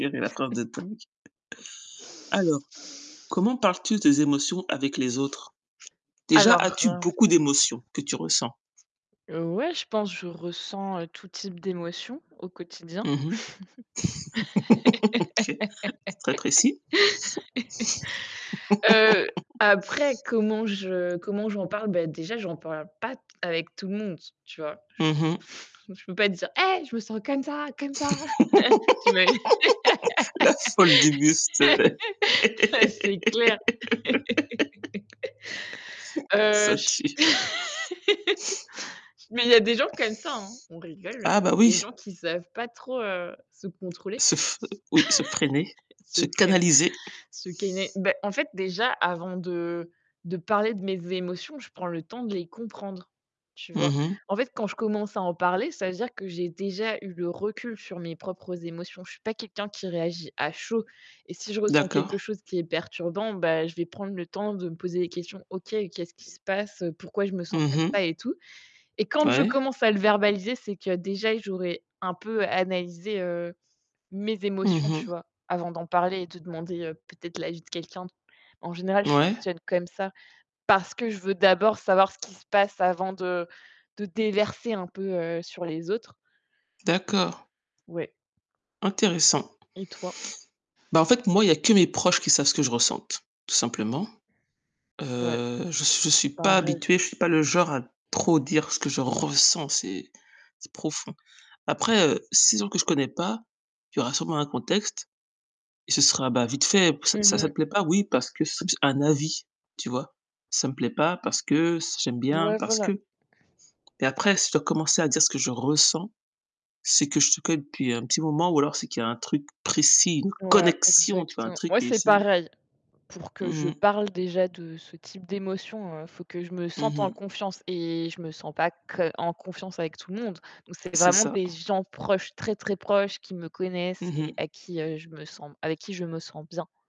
Quelle est la phrase de [unintelligible] Alors, comment parles-tu des émotions avec les autres? Déjà, Alors, as-tu heu beaucoup d'émotions que tu ressens? Heu, ouais, je pense, je ressens, heu, tout type d'émotions au quotidien. Mmh mh. OK, c'est très précis. Heu, après comment je comment j'en parle, bah déjà, j'en parle pas avec tout le monde, tu vois? Je Mmh mh. peux je peux pas dire: «Hey! je me sens comme ça, comme ça». Tu ima La folle du bus [unintelligible] Ah c'est clair. Heu, ça je tue. mais il y a des gens comme ça, hein. On rigole, mais Ah, bah il y a des oui. gens qui savent pas trop, heu, se contrôler. Se f oui, se freiner, Se se prennent canaliser. Ce qu'est né bah, en fait, déjà, avant de de parler de mes émotions, je prends le temps de les comprendre, tu vois? Mmh mh. En fait, quand je commence à en parler, ça veut dire que j'ai déjà eu le recul sur mes propres émotions. Je suis pas quelqu'un qui réagit à chaud et si je ressens quelque D'accord. chose qui est perturbant, bah je vais prendre le temps de me poser des questions: «OK, qu'est-ce qui se passe? Pourquoi je me sens Mmh comme ça?», mh. et tout? Et quand je Ouais. commence à le verbaliser, c'est que déjà, j'aurais un peu analysé, heu, mes Mmh émotions, tu mh. vois? Avant d'en parler et de demander, heu, peut-être l'avis de quelqu'un. En général, je Ouais. fonctionne comme ça, parce que je veux d'abord savoir ce qui se passe avant de de déverser, heu, un peu sur les autres. D'accord. Ouais. Intéressant. Et toi? Bah, en fait moi, il y que mes proches qui savent ce que je ressente, tout simplement. Ouais, Heu, je suis je suis pas pareil. habituée, je suis pas le genre à trop dire ce que je ressens, c'est c'est profond. Après, heu, si gens que je connais pas, il y aura sûrement un contexte et ce sera, bah, vite fait, p Mmh ça ça mh. te plaît pas, oui, parce que [unintelligible] un avis, tu vois? Ça me plaît pas? parce que c j'aime bien Ouais, parce que voilà. et après si je dois commencer à dire ce que je ressens, c'est que je suis quand même depuis un petit moment ou alors c'est qu'il y a un truc précis, une Ouais, connexion tu vois? Un exactement. truc Ouais, et c'est si pareil. Pour que Mmh je mh. parle déjà de ce type d'émotion, heu, il faut que je me Mmh sente en mh. confiance et je me sens pas que en confiance avec tout le monde. Donc c'est C'est vraiment ça, des gens proches, très, très proches, qui me connaissent Mmh et mh. à qui, heu, je me sens avec qui je me sens bien.